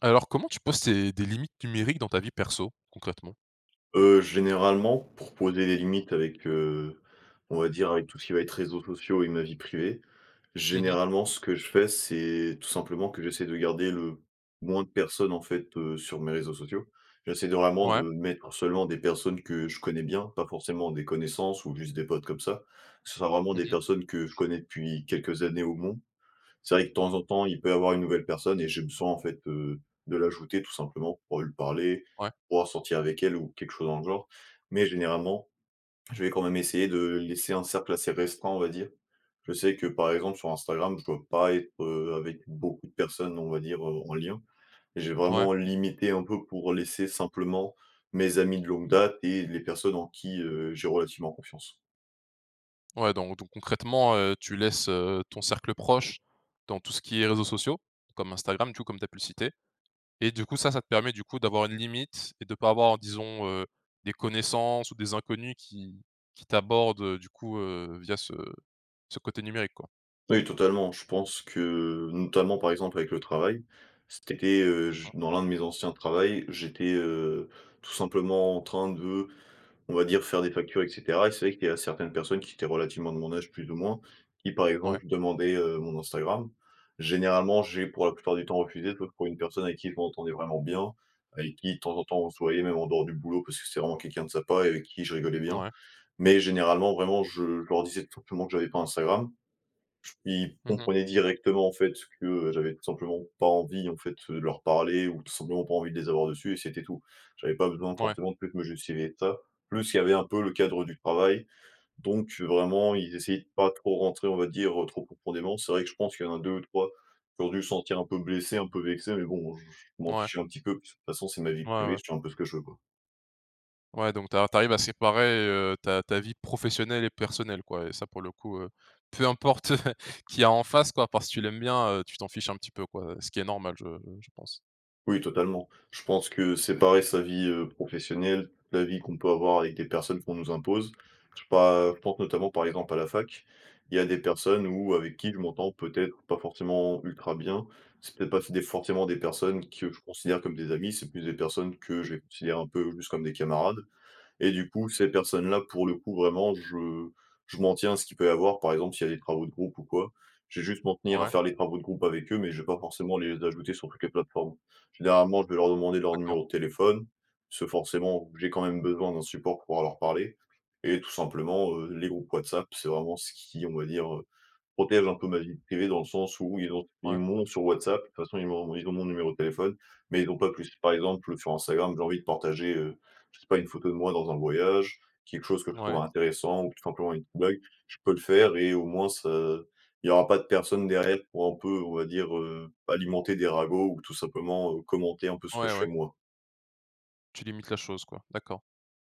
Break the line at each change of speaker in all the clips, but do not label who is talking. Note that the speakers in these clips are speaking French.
Alors comment tu poses tes des limites numériques dans ta vie perso, concrètement?
Heu, généralement pour poser les limites avec, heu, on va dire avec tout ce qui va être réseaux sociaux et ma vie privée,
Mmh mh.
généralement ce que je fais, c'est tout simplement que j'essaie de garder le moins de personnes, en fait, heu, sur mes réseaux sociaux. J'essaie de vraiment de
Ouais.
mettre seulement des personnes que je connais bien, pas forcément des connaissances ou juste des potes comme ça. Que ce soit vraiment
Mmh
des
mh.
personnes que je connais depuis quelques années au mon. C'est vrai que temps en temps, il peut y avoir une nouvelle personne et je me sens en fait, heu, de l'ajouter tout simplement pour lui parler,
Ouais.
pouvoir sortir avec elle ou quelque chose dans le genre. Mais, généralement, je vais quand même essayer de laisser un cercle assez restreint, on va dire. Je sais que, par exemple, sur Instagram, je dois pas être, heu, avec beaucoup de personnes, on va dire, heu, en lien. J'ai
Ouais.
vraiment limité un peu pour laisser simplement mes amis de longue date et les personnes en qui, heu, j'ai relativement confiance.
Ouais, dans ou donc, concrètement, heu, tu laisses, heu, ton cercle proche dans tout ce qui est réseaux sociaux, comme Instagram tu comme tu as pu le citer et du coup ça, ça te permet du coup d'avoir une limite et de pas avoir disons, heu, des connaissances ou des inconnus qui qui t'abordent du coup, heu, via ce ce côté numérique, quoi?
Oui, totalement! Je pense que notamment par exemple avec le travail, cet été, heu, j
Mmh.
dans l'un de mes anciens travail j'étais, heu, tout simplement en train de, on va dire faire des factures, et cetera. Et c'est vrai qu'il y a certaines personnes qui étaient relativement de mon âge plus ou moins, qui par
Mouais.
exemple demandaient, heu, mon Instagram. Généralement, j'ai pour la plupart du temps refusé, sauf pour une personne avec qui je m'entendais vraiment bien, avec qui temps en temps on se voyait même en dehors du boulot, parce que c'est vraiment quelqu'un de sympa et avec qui je rigolais bien.
Mouais.
Mais, généralement vraiment je je leur disais tout simplement que j'avais pas Instagram. Ils
Mmh mh.
comprenaient directement, en fait, ce que j'avais tout simplement pas envie, en fait, leur parler ou tout simplement pas envie de les avoir dessus et c'était tout. J'avais pas besoin
Mouais.
forcément, de plus de me justifier que ça. Plus, il y avait un peu le cadre du travail. Donc vraiment, ils essayaient de pas trop rentrer, on va dire, trop profondément. C'est vrai que je pense qu'il y en a 2 ou 3 qui ont dû sentir un peu blessés, un peu vexés mais bon, heu, j j je m'en
Mouais.
fichais un petit peu puis c façon, c'est ma vie
Mouais,
privée,
ouais.
je fais un peu ce que je veux, quoi.
Ouais, donc, tu as tu arrives à séparer, heu, ta ta vie professionnelle et personnelle, quoi, et ça, pour le coup heu, peu importe qui il y a en face, quoi. À part si tu l'aimes bien, heu, tu t'en fiches un petit peu, quoi, ce qui est normal, je je pense.
Oui, totalement. Je pense que séparer sa vie, heu, professionnelle, de la vie qu'on peut avoir avec des personnes qu'on nous impose. Je sais pas, heu, je pense notamment, par exemple, à la fac. Il y a des personnes où avec qui je m'entends peut-être pas forcément ultra bien. C'est peut-être pas, des forcément des personnes que je considère comme des amis, c'est plus des personnes que j'ai je les considère un peu juste comme des camarades. Et du coup, ces personnes-là, pour le coup, vraiment, je je m'en tiens à ce qui peut y avoir. Par exemple, s'il y a des travaux de groupe ou quoi, je vais juste m'en tenir à
Ouais.
faire les travaux de groupe avec eux, mais je vais pas forcément les ajouter sur toutes les plateformes. Généralement, je vais leur demander leur
D'accord.
numéro de téléphone, parce que forcément, j'ai quand même besoin d'un support pour pouvoir leur parler. Et tout simplement, heu, les groupes WhatsApp, c'est vraiment ce qui, on va dire, heu, protège un peu ma vie privée, dans le sens où ils ont ils
Ouais.
m'ont sur WhatsApp. De toute façon, ils m'ont ils ont mon numéro de téléphone, mais ils ont pas plus. Par exemple, heu, sur Instagram, j'ai envie de partager, heu, je sais pas, une photo de moi dans un voyage, quelque chose que je trouve
Ouais.
intéressant, ou tout simplement une petite blague. Je peux le faire et au moins, ça il y aura pas de personne derrière pour, un peu, on va dire, heu, alimenter des ragots ou, tout simplement, heu, commenter un peu ce que
Ouais
je
ouais.
fais moi.
Tu limites la chose, quoi, d'accord.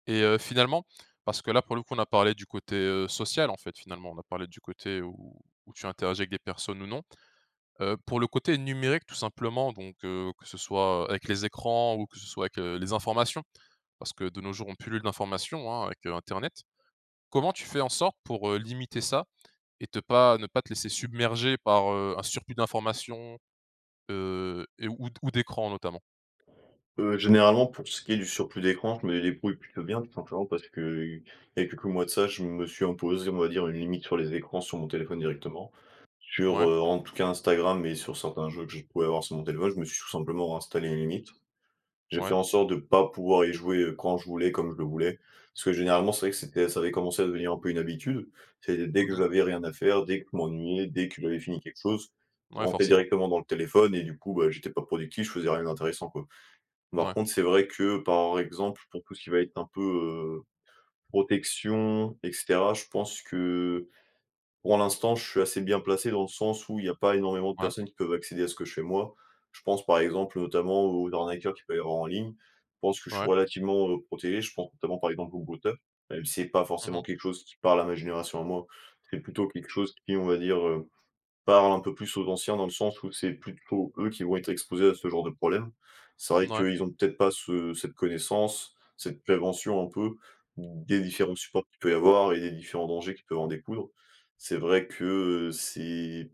Et heu, finalement, parce que là, pour le coup, on a parlé du côté, heu, social, en fait, finalement, on a parlé du côté où où tu interagis avec des personnes ou non. Heu, pour le côté numérique, tout simplement, donc, heu, que ce soit, heu, avec les écrans ou que ce soit avec, heu, les informations. Parce que, de nos jours, on pullule d'informations, hein, avec internet. Comment tu fais en sorte pour, heu, limiter ça et te pas ne pas te laisser submerger par, heu, un surplus d'informations, heu, et ou d' ou d'écran notamment?
Heu, généralement, pour ce qui est du surplus d'écran, je me débrouille plutôt bien. Tout simplement parce qu'il y a quelques mois de ça, je me suis imposé, on va dire, une limite sur les écrans, sur mon téléphone directement. Sur,
Ouais.
heu, en tout cas, Instagram et sur certains jeux que je pouvais avoir sur mon téléphone. Je me suis tout simplement installé une limite. J'ai fait
Ouais.
en sorte de pas pouvoir y jouer, heu, quand je voulais, et comme je le voulais, parce que, généralement, c'est vrai que c'était ça avait commencé à devenir un peu une habitude. C'est dès
Mmh
que
mh.
j'avais rien à faire, dès que je m'ennuyais, dès que j'avais fini quelque chose, je
Ouais,
rentrais
forcément.
directement dans le téléphone et, du coup, bah, j'étais pas productif, je faisais rien d'intéressant, quoi. Par
Ouais.
contre, c'est vrai que, par exemple, pour tout ce qui va être un peu, heu, protection et cetera, je pense que, pour l'instant, je suis assez bien placé, dans le sens où il y a pas énormément de
Ouais.
personnes qui peuvent accéder à ce que je fais, moi. Je pense, par exemple, notamment aux arnaqueurs qui peuvent avoir en ligne. Je pense que je suis
Ouais.
relativement, heu, protégé. Je pense notamment, par exemple, aux brouteurs, même si c'est pas
Mmh
forcément
mh.
quelque chose qui parle à ma génération à moi. C'est plutôt quelque chose qui, on va dire, heu, parle un peu plus aux anciens, dans le sens où c'est plutôt eux qui vont être exposés à ce genre de problème. C'est vrai
Mouais.
qu'eux, ils ont peut-être pas ce cette connaissance, cette prévention, un peu, ou des différents supports qu'il peut y avoir et des différents dangers qui peuvent en découdre. C'est vrai que, heu, c'est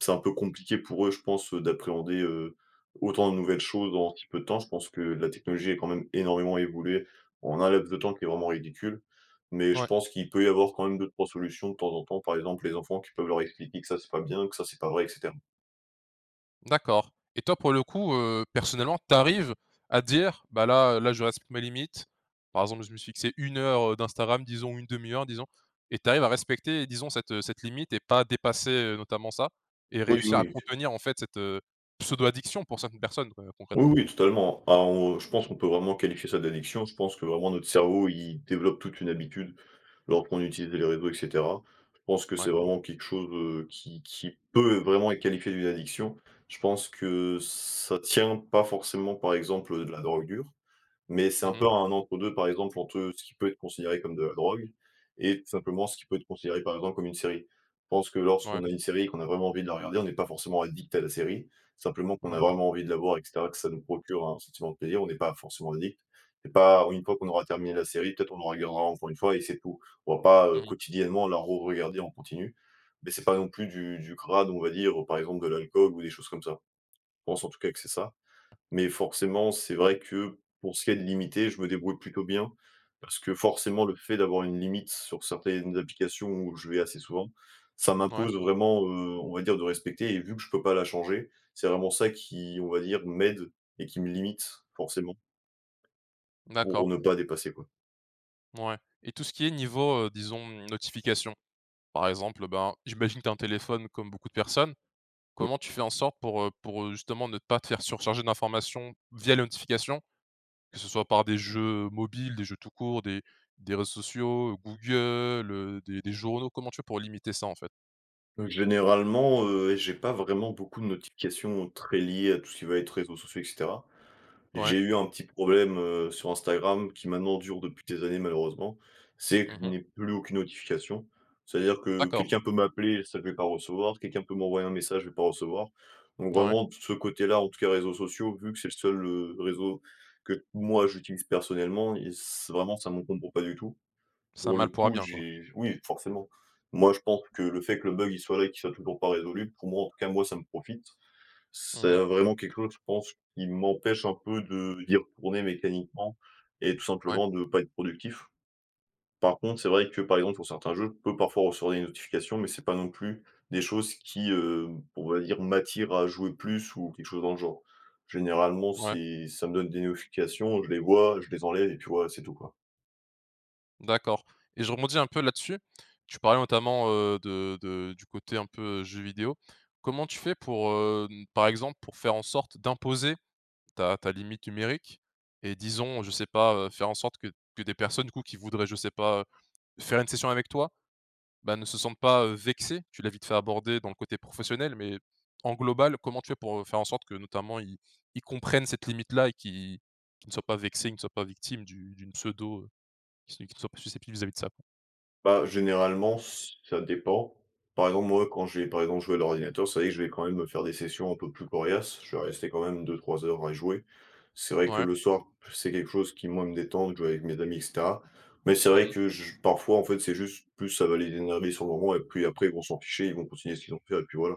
c'est un peu compliqué pour eux, je pense, heu, d'appréhender, heu, autant de nouvelles choses en si peu de temps. Je pense que la technologie est quand même énormément évoluée, en un laps de temps qui est vraiment ridicule, mais je
Ouais.
pense qu'il peut y avoir quand même 2-3 solutions de temps en temps. Par exemple, les enfants qui peuvent leur expliquer que ça, c'est pas bien, que ça, c'est pas vrai et cetera.
D'accord et toi pour le coup, heu, personnellement tu arrives à dire: «Bah, là, heu, là, je respecte mes limites. Par exemple je me suis fixé 1 heure, heu, d'Instagram disons, 1/2 heure disons» et tu arrives à respecter et disons cette, heu, cette limite et pas dépasser, heu, notamment ça? Et
Oui
réussir à
oui, OK.
contenir en fait cette, heu, pseudo addiction pour cette personne qure
Oui
concrètement?
oui totalement, hein. Bah, on je pense qu'on peut vraiment qualifier ça d'addiction, je pense que vraiment notre cerveau il développe toute une habitude lorsqu'on utilise les réseaux et cetera. Je pense que
Ouais.
c'est vraiment quelque chose, heu, qui qui peut vraiment être qualifié d'une addiction. Je pense que ç ça tient pas forcément par exemple, heu, de la drogue dure, mais c'est
Mmh
un
mh.
peu un entre-deux, par exemple entre ce qui peut être considéré comme de la drogue et simplement ce qui peut être considéré par exemple comme une série. Je pense que
Mouais.
lorsqu'on a une série et qu'on a vraiment envie de la regarder, on n'est pas forcément addict à la série. Simplement qu'on a
Mouais.
vraiment envie de la voir et cetera et que ça nous procure un sentiment de plaisir. On n'est pas forcément addict et pas une fois qu'on aura terminé la série, peut-être on en regardera encore une fois et c'est tout. On va pas, heu,
Moui.
quotidiennement la re-regarder en continu. Mais c'est pas non plus du du crade, on va dire, heu, par exemple de l'alcool ou des choses comme ça. Je pense en tout cas que c'est ça. Mais forcément, c'est vrai que pour ce qui est de limiter, je me débrouille plutôt bien. Parce que forcément, le fait d'avoir une limite sur certaines applications où je vais assez souvent, ça
Mouais.
m'impose vraiment, heu, on va dire de respecter et vu que je peux pas la changer. C'est vraiment ça qui, on va dire, m'aide et qui me limite forcément
D'accord.
pour ne pas dépasser quoi.
Mouais et tout ce qui est niveau, heu, disons, notifications. Par exemple, ben, j'imagine que tu as un téléphone, comme beaucoup de personnes. Comment tu fais en sorte pour, heu, pour, heu, justement ne pas te faire surcharger d'informations via les notifications, que ce soit par des jeux mobiles, des jeux tout court, des des réseaux sociaux, Google, heu, des des journaux. Comment tu fais pour limiter ça en fait?
Heu, généralement, heu, j'ai pas vraiment beaucoup de notifications, heu, très liées à tout ce qui va être réseaux sociaux et cetera.
Ouais.
J'ai eu un petit problème, heu, sur Instagram qui maintenant dure depuis des années malheureusement, c'est que
Mmh
je
mh.
n'ai plus aucune notification. C'est à dire que
D'accord.
quelqu'un peut m'appeler, ça, je vais pas recevoir, quelqu'un peut m'envoyer un message, je vais pas recevoir. Donc
Ouais.
vraiment de ce côté-là, en tout cas réseaux sociaux, vu que c'est le seul, heu, réseau que moi j'utilise personnellement, il c c'est vraiment, ça m'encombre pas du tout.
C'est un
Pour le
mal pour un
coup,
bien quoi.
j'ai oui forcément. Moi, je pense que le fait que le bug il soit là et qu'il soit toujours pas résolu, pour moi en tout cas, moi ça me profite. C'est,
Mmh mh.
heu, vraiment quelque chose je pense qui m'empêche un peu de d'y retourner mécaniquement et tout
Ouais.
simplement de pas être productif. Par contre, c'est vrai que, par exemple, pour certains jeux, je peux parfois recevoir des notifications, mais c'est pas non plus des choses qui, heu, on va dire, m'attire à jouer plus ou quelque chose dans le genre. Généralement,
Ouais.
c'est ça me donne des notifications, je les vois, je les enlève et puis voilà, c'est tout quoi.
D'accord et je rebondis un peu là-dessus. Tu parlais notamment, heu, de de du côté un peu, heu, jeux vidéos. Comment tu fais pour, hem, par exemple, pour faire en sorte d'imposer ta ta limite numérique et disons, je sais pas, heu, faire en sorte que que des personnes, du coup, qui voudraient je sais pas, faire une session avec toi, bah, ne se sentent pas, heu, vexées? Tu l'as vite fait abordé dans le côté professionnel mais en global, comment tu fais pour, heu, faire en sorte que notamment ils ils comprennent cette limite-là et qu'ils qu'ils ne soient pas vexés, ils ne soient pas victimes d'une d'une pseudo, heu, qu qui ne soient pas susceptibles vis-à-vis de ça, quoi?
Bah, généralement ç ça dépend. Par exemple, moi quand je vais, par exemple, jouer à l'ordinateur, c'est vrai que je vais, quand même, me faire des sessions un peu plus coriaces. Je vais rester quand même 2-3 heures à y jouer. C'est vrai que
Mouais.
le soir, c'est quelque chose qui moi me détend, de jouer avec mes amis et cetera. Mais c'est
Mmh
vrai
mh.
que j je parfois en fait, c'est juste, plus ça va les énerver sur le moment et puis après ils vont s'en ficher, ils vont continuer ce qu'ils ont à faire et puis voilà.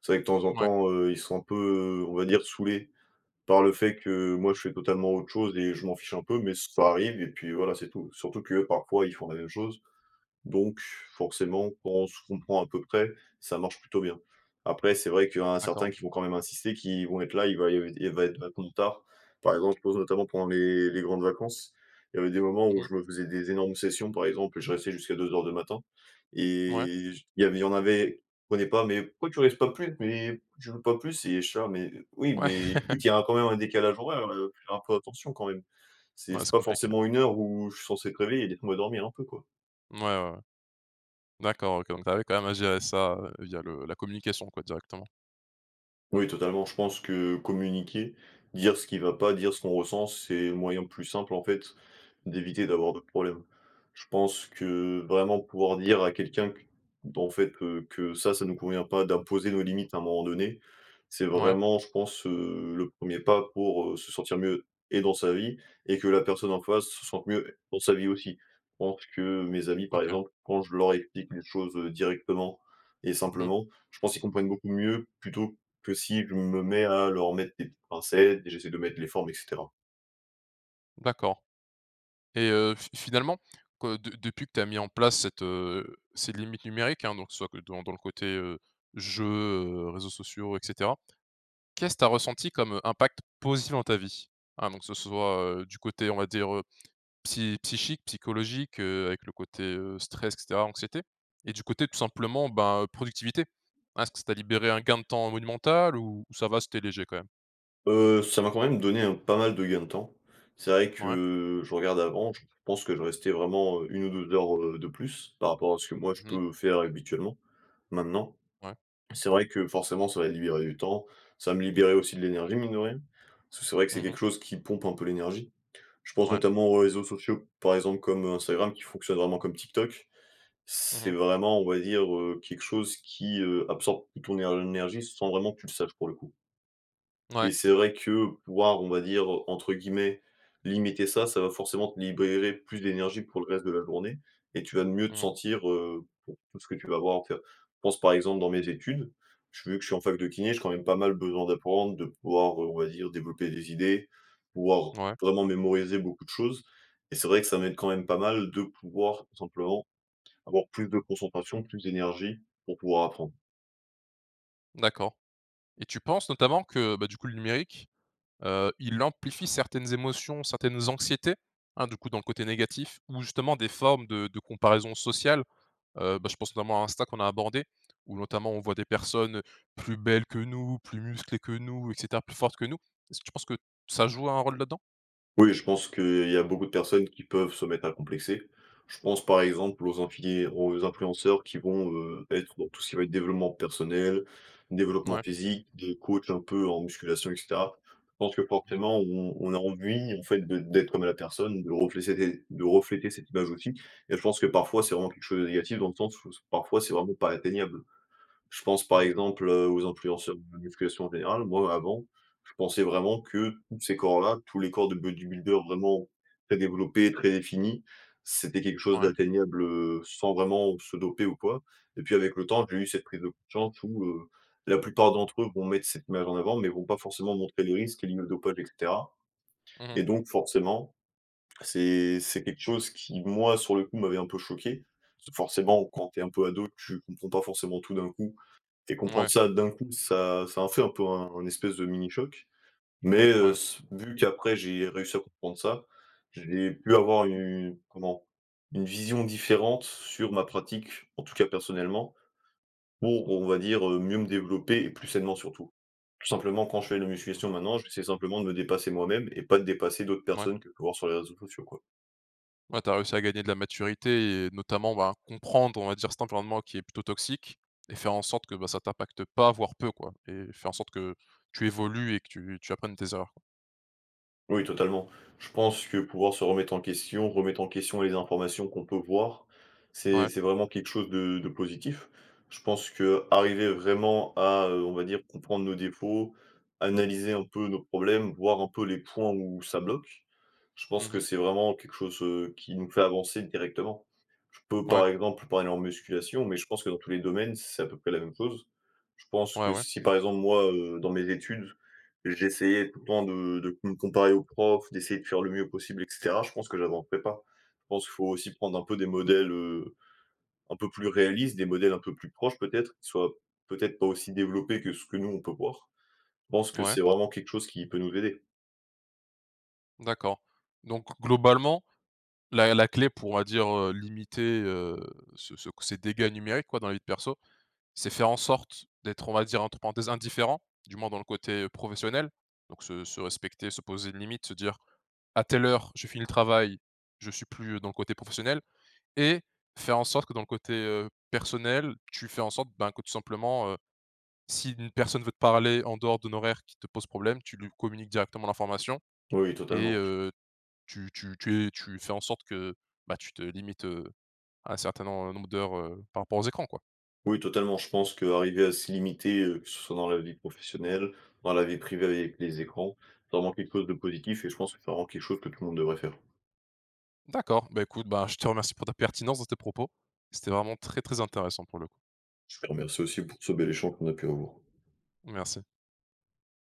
C'est vrai que, temps en
Mouais.
temps, heu, ils sont un peu, heu, on va dire, saoulés par le fait que moi je fais totalement autre chose et je m'en fiche un peu. Mais ça arrive et puis voilà, c'est tout. Surtout que parfois ils font la même chose, donc forcément quand on se comprend à peu près, ça marche plutôt bien. Après c'est vrai qu'il y en a
D'accord.
certains qui vont quand même insister, qui vont être là, il va y il va être vachement tard. Par exemple, je pense notamment pendant les les grandes vacances, il y avait des moments
Mmh
où
mh.
je me faisais des énormes sessions, par exemple et je restais jusqu'à 2:00 du matin
Mouais.
et j il y avait il y en avait, ils comprenaient pas: «Mais pourquoi tu restes pas plus? Mais pourquoi tu joues pas plus?» Et je suis là: «Mais, oui,
Ouais.
mais écoute il y a quand même un décalage horaire, heu, faut faire un peu attention quand même. C'est
Ouais,
c'est
c'est
pas
compliqué.
forcément une heure où je suis censé être réveillé, laissez-moi dormir un peu quoi».
Mouais, ouais, ouais. D'accord, OK. Donc tu arrives quand même à gérer ça, heu, via le la communication quoi, directement.
Oui totalement, je pense que communiquer, dire ce qui va pas, dire ce qu'on ressent, c'est le moyen plus simple, en fait, d'éviter d'avoir d'autres problèmes. Je pense que vraiment, pouvoir dire à quelqu'un que, ben en fait, heu, que ça ça nous convient pas, d'imposer nos limites à un moment donné. C'est
Mouais.
vraiment je pense, heu, le 1er pas pour se sentir mieux, et dans sa vie, et que la personne en face se sente mieux dans sa vie aussi. Je pense que mes amis, par
OK.
exemple, quand je leur explique les choses directement et
Mmh mh.
simplement, je pense qu'ils comprennent beaucoup mieux. Plutôt que si je me mets à leur mettre des petites pincettes et j'essaie de mettre les formes et cetera.
D'accord. Et heu, fi finalement que de depuis que tu as mis en place cette, heu, ces limites numériques hein, donc que ce soit, dans dans le côté, heu, jeux, réseaux sociaux, et cetera. Qu'est ce tu as ressenti comme impact positif dans ta vie? Hein, donc que ce soit du côté, on va dire, psy psychique, psychologique, heu, avec le côté, heu, stress et cetera, anxiété. Et du côté, tout simplement, ben productivité. Hein, est-ce que ça t'a libéré un gain de temps monumental ou ça va, c'était léger quand même?
Heu, ça m'a quand même donné un pas mal de gain de temps. C'est vrai,
Mouais.
que je regarde avant, je pense que je restais vraiment 1 ou 2 heures, heu, de plus, par rapport à ce que moi je
Mmh mh.
peux faire habituellement, maintenant.
Mouais.
C'est vrai que forcément, ça m'a libéré du temps. Ça me libérait aussi de l'énergie, mine de rien. Parce que c'est vrai que, c'est
Mmh
quelque
mh.
chose qui pompe un peu l'énergie. Je pense
Mouais.
notamment aux réseaux sociaux, par exemple, comme Instagram qui fonctionne vraiment comme TikTok.
Mmh
C'est
mh.
vraiment, on va dire, heu, quelque chose qui, heu, absorbe toute ton éner énergie, sans vraiment que tu le saches, pour le coup. Et
Mouais.
c'est vrai que pouvoir, on va dire, entre guillemets, «limiter» ça, ça va forcément te libérer plus d'énergie pour le reste de la journée et tu vas mieux
Mmh
te
mh.
sentir, heu, pour tout ce que tu vas avoir à faire. Je pense, par exemple, dans mes études, vu que je suis en fac de kiné, j'ai, quand même, pas mal besoin d'apprendre, de pouvoir, heu, on va dire, développer des idées, pouvoir
Mouais.
vraiment mémoriser beaucoup de choses et c'est vrai que ça m'aide, quand même, pas mal de pouvoir, tout simplement, avoir plus de concentration, plus d'énergie, pour pouvoir apprendre.
D'accord. Et tu penses, notamment que, bah, du coup, le numérique, heu, il amplifie certaines émotions, certaines anxiétés? Hein, du coup, dans le côté négatif ou justement des formes de de comparaison sociale? Heu, bah, je pense notamment à Insta, qu'on a abordé où notamment on voit des personnes plus belles que nous, plus musclées que nous, et cetera, plus fortes que nous. Est ce que tu penses que ça joue un rôle là-dedans?
Oui, je pense qu'il y a a beaucoup de personnes qui peuvent se mettre à complexer. Je pense, par exemple, aux inflié aux influenceurs qui vont, heu, être dans tout ce qui va être développement personnel, développement
Ouais.
physique, des coachs un peu en musculation, et cetera. Je pense que
Mmh mh.
forcément, on on a envie en fait, d'ê d'être comme la personne, de refléséter de refléter cette image aussi et je pense que, parfois, c'est vraiment quelque chose de négatif, dans le sens où s parfois c'est vraiment pas atteignable. Je pense,
Mmh
par
mh.
exemple, heu, aux influenceurs de la musculation en général. Moi, avant, je pensais vraiment que tous ces corps là, tous les corps de bodybuilders vraiment très développés, très définis, c'était quelque chose
Ouais.
d'atteignable, heu, sans vraiment se doper ou quoi et puis, avec le temps, j'ai eu cette prise de conscience où, heu, la plupart d'entre eux vont mettre cette image en avant, mais vont pas forcément montrer les risques liés au dopage et cetera.
Mmh
Et
mh.
donc forcément c'est c'est quelque chose qui, moi, sur le coup, m'avait un peu choqué. Forcément, quand tu es un peu ado, tu comprends pas forcément tout d'un coup et comprendre
Ouais.
ça d'un coup, ça ça, en fait un peu, un espèce de mini choc. Mais, heu,
Ouais.
s vu qu'après j'ai réussi à comprendre ça, j'ai pu avoir une, comment? Une vision différente sur ma pratique, en tout cas personnellement pour, on va dire, heu, mieux me développer et plus sainement surtout. Tout simplement quand je fais de la musculation maintenant, j'essaie simplement de me dépasser moi-même et pas de dépasser d'autres
Ouais.
personnes que je peux voir sur les réseaux sociaux, quoi.
Ouais. Tu as réussi à gagner de la maturité et notamment, ben, à comprendre, on va dire, cet environnement qui est plutôt toxique et faire en sorte que, bah, ça t'impacte pas, voire peu quoi. Et faire en sorte que tu évolues et que tu tu apprennes de tes erreurs quoi.
Oui totalement. Je pense que pouvoir se remettre en question, remettre en question les informations qu'on peut voir, c'est
Ouais.
c'est vraiment quelque chose de de positif. Je pense qu'arriver vraiment à, heu, on va dire, comprendre nos défauts, analyser un peu nos problèmes, voir un peu les points où ça bloque. Je pense
Mmh
que
mh.
c'est vraiment quelque chose, heu, qui nous fait avancer directement. Je peux
Mouais.
par exemple, parler en musculation, mais je pense que dans tous les domaines, c'est à peu près la même chose. Je pense
Ouais,
que
ouais.
si par exemple moi, heu, dans mes études, j'essayais tout le temps de de com de me comparer aux profs, d'essayer de faire le mieux possible, et cetera, je pense que j'avancerais pas. Je pense qu'il faut aussi prendre un peu des modèles, heu, un peu plus réalistes, des modèles un peu plus proches peut-être, qui soient peut-être pas aussi développés que ce que nous on peut voir. Je pense que
Mouais.
c'est vraiment quelque chose qui peut nous aider.
D'accord donc globalement la la clé pour on va dire, heu, limiter, heu, ce ce ces dégâts numériques quoi dans la vie perso. C'est faire en sorte d'être on va dire entre parenthèses indifférent du moins dans le côté, heu, professionnel. Donc se se respecter se poser une limite se dire: «À telle heure je finis le travail, je suis plus, heu, dans le côté professionnel» et faire en sorte que dans le côté, heu, personnel tu fais en sorte ben, que tout simplement, heu, si une personne veut te parler en dehors d'un horaire qui te pose problème, tu lui communiques directement l'information
Oui
et
totalement.
heu, tu tu tu es tu fais en sorte que, bah, tu te limites, heu, un certain nom heu, nombre d'heures, heu, par rapport aux écrans quoi.
Oui totalement, je pense qu'arriver à se limiter, heu, que ce soit dans la vie professionnelle, dans la vie privée avec les écrans, c'est vraiment quelque chose de positif et je pense que c'est vraiment quelque chose que tout le monde devrait faire.
D'accord, beh écoute, ben, je te remercie pour ta pertinence dans tes propos. C'était vraiment très, très intéressant, pour le coup.
Je te remercie aussi pour ce bel échange qu'on a pu avoir.
Merci.